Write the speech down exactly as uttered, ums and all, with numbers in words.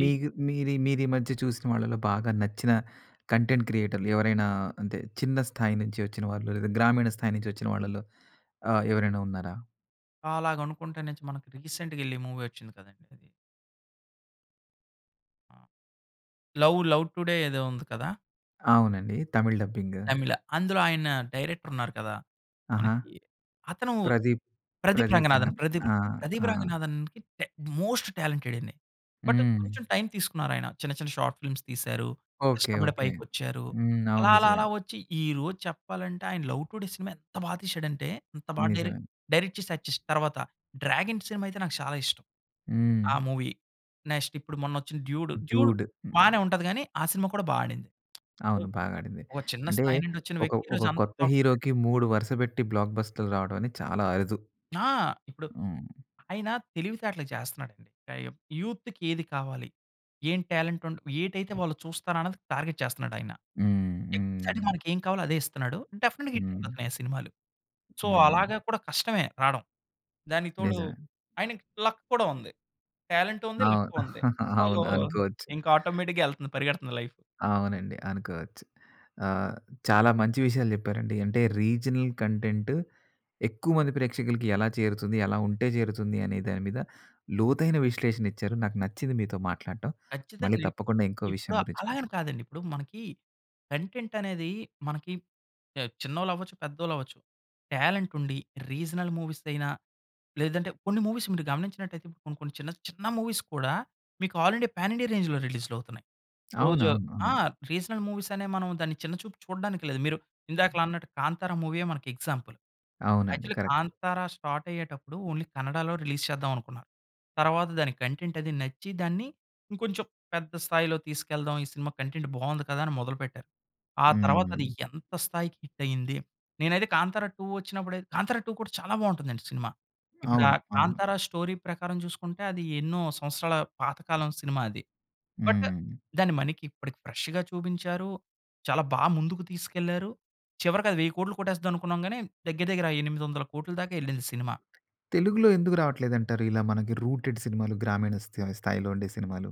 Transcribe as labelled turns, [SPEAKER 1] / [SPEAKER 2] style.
[SPEAKER 1] ఈ
[SPEAKER 2] మీగు మీరీ, మీరీ ఈ మధ్య చూసిన వాళ్ళలో బాగా నచ్చిన కంటెంట్ క్రియేటర్‌లు ఎవరైనా అంటే చిన్న స్థాయి నుంచి వచ్చిన వాళ్ళు లేదా గ్రామీణ స్థాయి నుంచి వచ్చిన వాళ్ళలో ఆహ్, ఎవరైనా ఉన్నారా?
[SPEAKER 1] అలాగనుకుంటే నచి మనకి రీసెంట్‌గా ఎళ్ళి మూవీ వచ్చింది కదండీ ఇది. ఆ! లవ్, లవ్ టుడే ఏదో ఉంది కదా!
[SPEAKER 2] అవునండి. తమిళ్ డబ్బింగు.
[SPEAKER 1] తమిళ, అందులో ఆయన డైరెక్టర్ ఉన్నారు కదా!
[SPEAKER 2] ఆహా!
[SPEAKER 1] మనకి అతను
[SPEAKER 2] ప్రదీప్,
[SPEAKER 1] 'ప్రదీప్
[SPEAKER 2] ప్రదీప్
[SPEAKER 1] రంగనాథన్'
[SPEAKER 2] అంగన్.
[SPEAKER 1] ప్రదీప్
[SPEAKER 2] ఆ!
[SPEAKER 1] 'ప్రదీప్
[SPEAKER 2] ఆ!
[SPEAKER 1] రంగనాథన్‌కి' టే మోస్ట్ టాలెంటెడ్ అండి. బట్
[SPEAKER 2] హ్మ్.
[SPEAKER 1] కొంచెం టైం తీసుకున్నారు ఆయన చిన్న చిన్న షార్ట్ ఫిల్మ్స్ తీశారు,
[SPEAKER 2] ఓకే.
[SPEAKER 1] కష్టపడి
[SPEAKER 2] ఓకే.
[SPEAKER 1] పైకోచ్చారు.
[SPEAKER 2] హ్మ్. అవును
[SPEAKER 1] అలా అలా అలా
[SPEAKER 2] నిజమే.
[SPEAKER 1] వచ్చి ఈరోజు చెప్పాలంటే ఆయన 'లవ్ టుడే' సినిమా ఎంత బా తీసాడంటే అంత బాగా డైరెక్ట్,
[SPEAKER 2] నిజమే.
[SPEAKER 1] డైరెక్ట్ చేసి [unintelligible] చేసి తర్వాత 'డ్రాగన్' సినిమా అయితే నాకు చాలా ఇష్టం. ఆ
[SPEAKER 2] హ్మ్.
[SPEAKER 1] మూవీ నెక్స్ట్ ఇప్పుడు మొన్న వచ్చిన 'డ్యూడు'. 'Dude'
[SPEAKER 2] 'dude'. హ్మ్.
[SPEAKER 1] బానే ఉంటది గాని ఆ సినిమా కూడా బా ఆడింది..
[SPEAKER 2] అవును. బాగాడింది.
[SPEAKER 1] ఒక చిన్న
[SPEAKER 2] అంటే
[SPEAKER 1] స్థాయి నుండి వచ్చిన
[SPEAKER 2] ఒక,
[SPEAKER 1] వ్యక్తి
[SPEAKER 2] ఒక
[SPEAKER 1] ఈరోజు అంతా
[SPEAKER 2] కొత్త
[SPEAKER 1] పాపులర్అయ్యాడు.
[SPEAKER 2] హీరో‌కి మూడు వరుస పెట్టి బ్లాక్ బస్టర్‌లు రావడం అనేది చాలా అరుదు.
[SPEAKER 1] ఆ! ఇప్పుడు
[SPEAKER 2] హ్మ్.
[SPEAKER 1] ఆయన తెలివితేటలు‌గా చేస్తున్నాడండి. ఆహ్, యూత్‌కి ఏది కావాలి? ఏం టాలెంట్ ఉండ్ ఏటైతే
[SPEAKER 2] హ్మ్.
[SPEAKER 1] వాళ్ళు చూస్తారో అన్నది టార్గెట్ చేస్తున్నాడు ఆయన.
[SPEAKER 2] హ్మ్.
[SPEAKER 1] ఎక్సాక్ట్‌గా
[SPEAKER 2] హ్మ్.
[SPEAKER 1] మనకేం కావాలో అదే ఇస్తున్నాడు. డెఫినిట్‌గా
[SPEAKER 2] హ్మ్.
[SPEAKER 1] హిటయిపోతున్నాయి ఆ సినిమాలు. సో
[SPEAKER 2] హ్మ్.
[SPEAKER 1] అలాగా కూడా కష్టమే రాడం. దానికి తోడు
[SPEAKER 2] నిజమే.
[SPEAKER 1] ఆయనకి లక్ కూడా ఉంది. టాలెంటు ఉంది.
[SPEAKER 2] అవును.
[SPEAKER 1] లక్కు ఉంది. సో
[SPEAKER 2] అవును. అనుకోవచ్చు.
[SPEAKER 1] ఇంకా ఆటోమేటిక్‌గా ఏళ్తుంది పరిగెడుతుంది లైఫు.
[SPEAKER 2] అవునండి. అనుకోవచ్చు. ఆహ్, చాలా మంచి విషయాలు చెప్పారండి అంటే రీజనల్ కంటెంట్ ఎక్కువ మంది ప్రేక్షకులకి ఎలా చేరుతుంది ఎలా ఉంటే చేరుతుంది అనే దాని మీద లోతైన విశ్లేషణ ఇచ్చారు. నాకు నచ్చింది మీతో మాట్లాడటం
[SPEAKER 1] ఖచ్చితంగా
[SPEAKER 2] మళ్ళీ
[SPEAKER 1] అండి.
[SPEAKER 2] తప్పకుండా ఇంకో విషయం
[SPEAKER 1] ఇప్పుడు
[SPEAKER 2] గురించి [unintelligible]
[SPEAKER 1] అలాగని కాదండి. ఇప్పుడు మనకి కంటెంట్ అనేది మనకి య చిన్నోళ్ళు అవ్వొచ్చు, పెద్దోళ్ళు అవ్వొచ్చు. టాలెంట్ ఉండి రీజనల్ మూవీసయినా లేదంటే కొన్ని మూవీస్ మీరు గమనించినట్టయితే ఇప్పుడు కొన్ని కొన్ని చిన్న చిన్న మూవీస్ కూడా మీకు ఆల్రెడీ పాన్ ఇండియా రేంజ్‌లో రిలీజ్‌లు అవుతున్నాయి. రోజు
[SPEAKER 2] అవునవును.
[SPEAKER 1] ఆ!
[SPEAKER 2] అవును.
[SPEAKER 1] రీజనల్ మూవీస్ అనే మనం దాన్ని చిన్న చూపు చూడ్డానికి లేదు. మీరు ఇందాకల అన్నట్టు 'కాంతార' మూవీయే మనకి ఎగ్జాంపుల్.
[SPEAKER 2] అవునండి.
[SPEAKER 1] Actually
[SPEAKER 2] correct.
[SPEAKER 1] 'కాంతార' స్టార్ట్ అయ్యేటప్పుడు ఓన్లీ కన్నడాలో రిలీజ్ చేద్దాం అనుకున్నారు. తర్వాత దాని కంటెంట్ అది నచ్చి దాన్ని ఇంకొంచెం పెద్ద స్థాయిలో తీసుకెళ్దాం ఈ సినిమా కంటెంట్ బావుంది కదా! అని మొదలుపెట్టారు. ఆ తర్వాత అది
[SPEAKER 2] హ్మ్.
[SPEAKER 1] ఎంత స్థాయికి హిట్ అయింది. నేనైతే 'కాంతార 2' వచ్చినప్పుడైతే 'కాంతారా 2' కూడా చాలా బావుంటుందండి సినిమా. ఇప్పుడు ఆ
[SPEAKER 2] అవును. అవును
[SPEAKER 1] 'కాంతార' స్టోరీ ప్రకారం చూసుకుంటే అది ఎన్నో సంవత్సరాల పాతకాలం సినిమా అది. బట్
[SPEAKER 2] హ్మ్.
[SPEAKER 1] దాన్ని మనకి ఇప్పటికి ఫ్రెష్‌గా చూపించారు చాలా బా ముందుకు తీసుకెళ్లారు చివరికి అది వెయ్యి కోట్లు కొట్టేస్తాది అనుకున్నాం గాని దగ్గర దగ్గర ఆ ఎనిమిది వందల కోట్లు దాకా ఎళ్ళింది సినిమా.
[SPEAKER 2] తెలుగులో ఎందుకు రావట్లేదంటారు? ఇలా మనకి రూటెడ్ సినిమాలు గ్రామీణ స్థా స్థాయిలో ఉండే సినిమాలు?